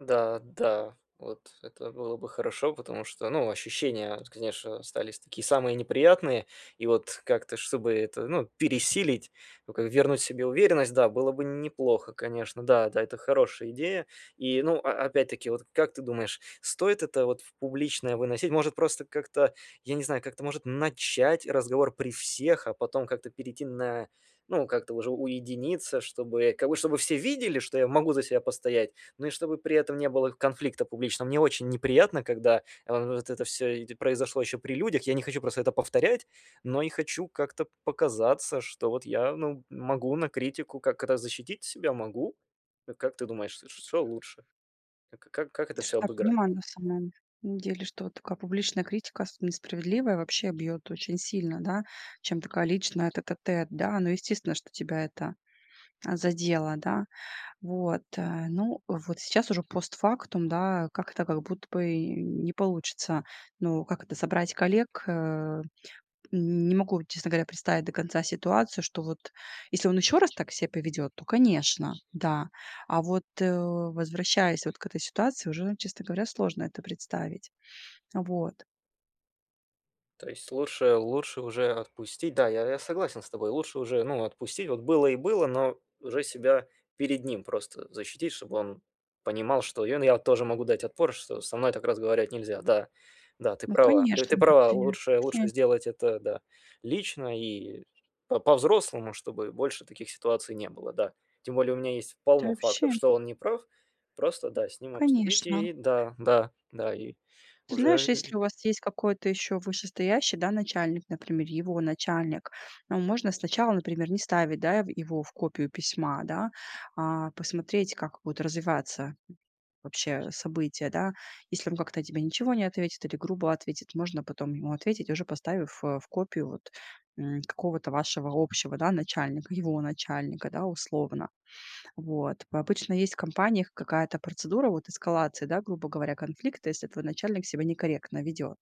Да да. Вот это было бы хорошо, потому что, ну, ощущения, конечно, остались такие самые неприятные. И вот как-то, чтобы это, ну, пересилить, ну, как вернуть себе уверенность, да, было бы неплохо, конечно. Да да, это хорошая идея. И, ну, а опять-таки, вот как ты думаешь, стоит это вот в публичное выносить? Может, просто как-то, я не знаю, как-то, может, начать разговор при всех, а потом как-то перейти на ну, как-то уже уединиться, чтобы, как бы, чтобы все видели, что я могу за себя постоять, но и чтобы при этом не было конфликта публичного. Мне очень неприятно, когда эв эв вот это всё и дь произошло ещё при людях. Я не хочу просто это повторять, но и хочу как-то показаться, что вот я, ну, могу на критику как-то защитить себя могу. Э, как ты думаешь, ш что лучше? К к как, как это всё [unintelligible] обыграть? На самом деле, что такая публичная критика, особенно несправедливая, вообще бьёт очень сильно, да, чем такая личная тет-а-тет, да. Ну, естественно, что тебя это, а, задело, да? Вот, э. Ну, вот сейчас уже постфактум, да, как-то как будто бы и не получится. Ну, как это, собрать коллег, э не могу, честно говоря, представить до конца ситуацию, что вот если он ещё раз так ся поведёт, то, конечно, да. А вот, э, возвращаясь вот к этой ситуации уже, честно говоря, сложно это представить. Вот. То есть лучше лучше уже отпустить. Да, я я согласен с тобой. Лучше уже, ну, отпустить. Вот было и было, но уже себя перед ним просто защитить, чтобы он понимал, что, ну, и я тоже могу дать отпор, что со мной так разговаривать нельзя. Да. Да, ты Ну, права, конечно, ты вот, права. ты Лучше лучше вообще сделать это, да, лично и по по-взрослому, чтобы больше таких ситуаций не было, да. Тем более у меня есть Ты полно вообще фактов, что он не прав. Просто, да, с ним обсудить Конечно. и да, да, да. И Ты знаешь, уже и если у вас есть какой-то ещё вышестоящий, да, начальник, например, его начальник, а, можно сначала, например, не ставить, да, ев его в копию письма, да, а посмотреть, как будут развиваться вообще события, да. Если он как-то тебе ничего не ответит или грубо ответит, можно потом ему ответить, уже поставив, э, в копию вот, м, какого-то вашего общего, да, начальника, его начальника, да, условно. Вот. По обычно есть в компаниях какая-то процедура вот эскалации, да, грубо говоря, конфликта, если твой начальник себя некорректно ведёт.